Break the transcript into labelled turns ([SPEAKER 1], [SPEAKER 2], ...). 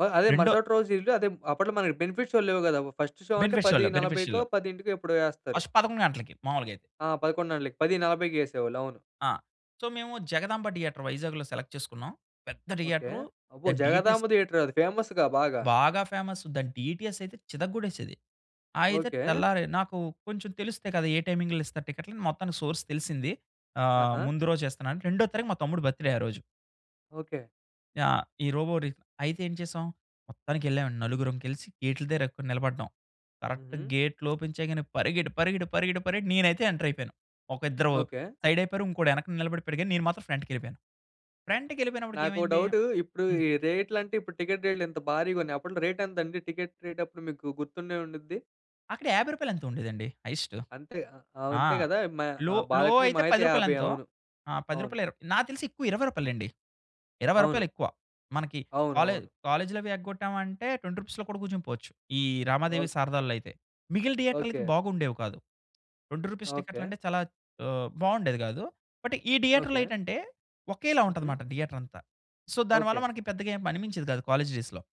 [SPEAKER 1] వ అదే!
[SPEAKER 2] రెండో
[SPEAKER 1] మరుసటి రోజు ఇల్లు అదే! అప్పట్లో మనకి బెనిఫిట్ షోలు లేవు గదా! ఫస్ట్ షో అంటే
[SPEAKER 2] బెనిఫిట్
[SPEAKER 1] పది
[SPEAKER 2] షోలో. బెనిఫిట్
[SPEAKER 1] నలభైకో,
[SPEAKER 2] షోలో.
[SPEAKER 1] పదింటికో ఎప్పుడో యేస్తారు.
[SPEAKER 2] ఫస్ట్ 11 గంటలకి మామూలుగయితే.
[SPEAKER 1] ఆ! 11 గంటలకి 10:40కి యేసేవాళ్ళు అవును.
[SPEAKER 2] ఆ! సో మేము 'జగదాంబ థియేటర్' వైజాగ్‌లో సెలెక్ట్ చేసుకున్నాం. పెద్ద
[SPEAKER 1] ఓకే.
[SPEAKER 2] థియేటరు
[SPEAKER 1] అబ్బో!
[SPEAKER 2] దాని డీటీఎస్
[SPEAKER 1] 'జగదాంబ థియేటర్' అది ఫేమస్‌గా బాగా.
[SPEAKER 2] బాగా ఫేమస్. దాని డీటీఎస్ అయితే చితగ్గొట్టేసేది. అయితే
[SPEAKER 1] ఓకే.
[SPEAKER 2] తెల్లారి నాకు కొంచెం తెలుస్తయి కదా! ఏ టైమింగ్‌లో ఇస్తారు టికెట్లు అని మొత్తానికి సోర్స్ తెలిసింది. ఆహ్,
[SPEAKER 1] ఆహా!
[SPEAKER 2] ముందు రోజు ఇస్తున్నాను రెండో తారీఖు మా తమ్ముడు బర్త్‌డే ఆ రోజు.
[SPEAKER 1] ఓకే.
[SPEAKER 2] ఆ! ఈ 'రోబో' రి అయితే ఏం చేసాం? మొత్తానికకెళ్ళాం అండి నలుగురం కలిసి గేట్ల దగ్గర నిలబడ్డాం. కరెక్ట్‌గా
[SPEAKER 1] హుహు.
[SPEAKER 2] గేట్లు ఓపెన్ చేయగానే పరిగెట్టి పరిగెట్టి పరిగెట్టి పరిగెట్టి నేనైతే ఎంటర్ అయిపోయాను. ఒక ఇద్దరు
[SPEAKER 1] ఓకే.
[SPEAKER 2] సైడ్ అయిపోయారు. ఇంకోడు యెనకన నిలబడిపోయాడు. కానీ నేను మాత్రం ఫ్రంట్‌కెళ్ళిపోయాను. ఫ్రంట్‌కెళ్ళిపోయినప్పటికి
[SPEAKER 1] నాకో
[SPEAKER 2] ఏమైంది?
[SPEAKER 1] డౌటూ ఇప్పుడు
[SPEAKER 2] హ్మ్.
[SPEAKER 1] ఈ రేట్లంటే ఇప్పుడు టికెట్ రేట్లు ఇంత భారీగా ఉన్నాయి. అప్పట్లో రేట్ ఎంతండి? టికెట్ రేట్ అప్పుడు మీకు గుర్తుండే ఉండుద్ది.
[SPEAKER 2] అక్కడ 50 రూపాయలో ఎంతో ఉండేదండి? హైయెస్టూ
[SPEAKER 1] అంతే! అవ్
[SPEAKER 2] ఆ!
[SPEAKER 1] అంతే గదా! మ
[SPEAKER 2] లో, లో
[SPEAKER 1] బాల్కనీ
[SPEAKER 2] అయితే
[SPEAKER 1] మహా
[SPEAKER 2] 10
[SPEAKER 1] అయితే
[SPEAKER 2] రూపాయలు
[SPEAKER 1] 50
[SPEAKER 2] ఎంతో?
[SPEAKER 1] అవును.
[SPEAKER 2] ఆ 10
[SPEAKER 1] అవును.
[SPEAKER 2] రూపాయలో ఇర్ నాకు తెలిసి ఎక్కువ 20 రూపాయలే అండి. 20
[SPEAKER 1] అవును.
[SPEAKER 2] రూపాయలెక్కువ. మనకి కాలే
[SPEAKER 1] అవునవును.
[SPEAKER 2] కాలేజ్‌లవి ఎగ్గొట్టామంటే 20 రూపీస్‌లో కూడా కూర్చుండిపోవచ్చు ఈ 'రమాదేవి', 'శారదాలలో' అయితే. మిగిలిన థియేటర్లయితే
[SPEAKER 1] ఓకే.
[SPEAKER 2] బాగుండేవి కాదు. 20 రూపీస్
[SPEAKER 1] ఓకే.
[SPEAKER 2] టికెట్లంటే చాలా ఆహ్, బావుండేది గాదు. బట్ ఈ థియేటర్‌‌లో
[SPEAKER 1] ఓకే.
[SPEAKER 2] ఏంటంటే ఒకేలా
[SPEAKER 1] హుహు.
[SPEAKER 2] ఉంటాదన్నమాట థియేటర్ అంతా. సో దానివల్ల
[SPEAKER 1] ఓకే.
[SPEAKER 2] మనకి పెద్దగా ఏం అనిపించేది కాదు కాలేజ్ డేస్‌లో